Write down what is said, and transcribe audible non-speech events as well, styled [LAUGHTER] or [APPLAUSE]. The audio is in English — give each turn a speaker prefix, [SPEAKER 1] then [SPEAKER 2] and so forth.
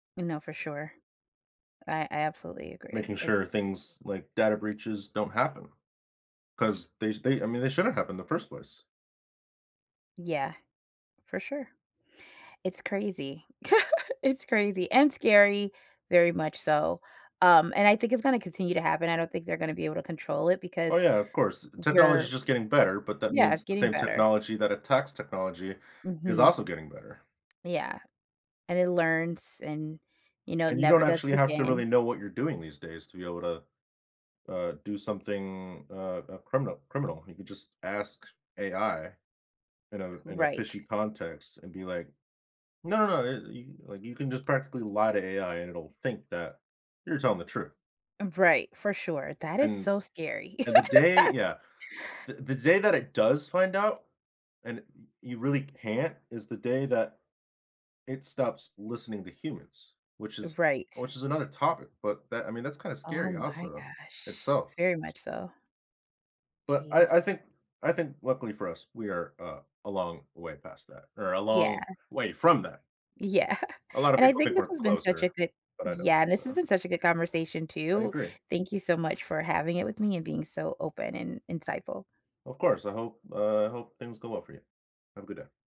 [SPEAKER 1] You know, for sure. I I absolutely agree,
[SPEAKER 2] Making
[SPEAKER 1] it's
[SPEAKER 2] sure things, like, data breaches don't happen 'cause they sh they I mean, they shouldn't happen in the first place.
[SPEAKER 1] Yeah. For sure. It's crazy [LAUGHS] It's crazy and scary, very much so, um, and I think it's gonna continue to happen, I don't think they're gonna be able to control it
[SPEAKER 2] Oh,
[SPEAKER 1] because
[SPEAKER 2] yeah, of course. U
[SPEAKER 1] n
[SPEAKER 2] technology is
[SPEAKER 1] you're
[SPEAKER 2] just getting better, but that
[SPEAKER 1] yeah, it's
[SPEAKER 2] means the
[SPEAKER 1] getting
[SPEAKER 2] same
[SPEAKER 1] better.
[SPEAKER 2] technology that attacks technology is
[SPEAKER 1] Mhm.
[SPEAKER 2] also getting better.
[SPEAKER 1] Yeah. And it learns and, you know,
[SPEAKER 2] And you
[SPEAKER 1] never
[SPEAKER 2] don't
[SPEAKER 1] does
[SPEAKER 2] actually
[SPEAKER 1] it
[SPEAKER 2] have to
[SPEAKER 1] again.
[SPEAKER 2] really know what you're doing these days to be able to, uh, do something, uh, uh, criminal criminal, you could just ask AI in a in a fishy
[SPEAKER 1] Right.
[SPEAKER 2] context and be, like, "No, no, it" y like, you can just practically lie to AI and it'll think that you're telling the truth.
[SPEAKER 1] Um, v right, for sure, that is
[SPEAKER 2] And
[SPEAKER 1] so scary.
[SPEAKER 2] and the day
[SPEAKER 1] [LAUGHS]
[SPEAKER 2] yeah. The the day that it does find out, and y you really can't, is the day that it stops listening to humans, which is
[SPEAKER 1] Right.
[SPEAKER 2] which is another topic, but that I mean, that's kinda
[SPEAKER 1] Oh
[SPEAKER 2] scary
[SPEAKER 1] my
[SPEAKER 2] also
[SPEAKER 1] gosh,
[SPEAKER 2] itself.
[SPEAKER 1] very much so.
[SPEAKER 2] But I I
[SPEAKER 1] Jeez.
[SPEAKER 2] think I think luckily for us, we are, uh, a long way past that or a long
[SPEAKER 1] Yeah.
[SPEAKER 2] way from that.
[SPEAKER 1] Yeah,
[SPEAKER 2] A lotta
[SPEAKER 1] and I
[SPEAKER 2] people
[SPEAKER 1] think
[SPEAKER 2] think
[SPEAKER 1] this
[SPEAKER 2] we're
[SPEAKER 1] has been such a
[SPEAKER 2] closer,
[SPEAKER 1] good
[SPEAKER 2] but I don't
[SPEAKER 1] Yeah,
[SPEAKER 2] think
[SPEAKER 1] this has
[SPEAKER 2] so.
[SPEAKER 1] been such a good conversation
[SPEAKER 2] I
[SPEAKER 1] too,
[SPEAKER 2] agree.
[SPEAKER 1] thank you so much for having it with me and being so open and insightful.
[SPEAKER 2] Well, of course, I hope uh, I hope things go well for you. Have a good day.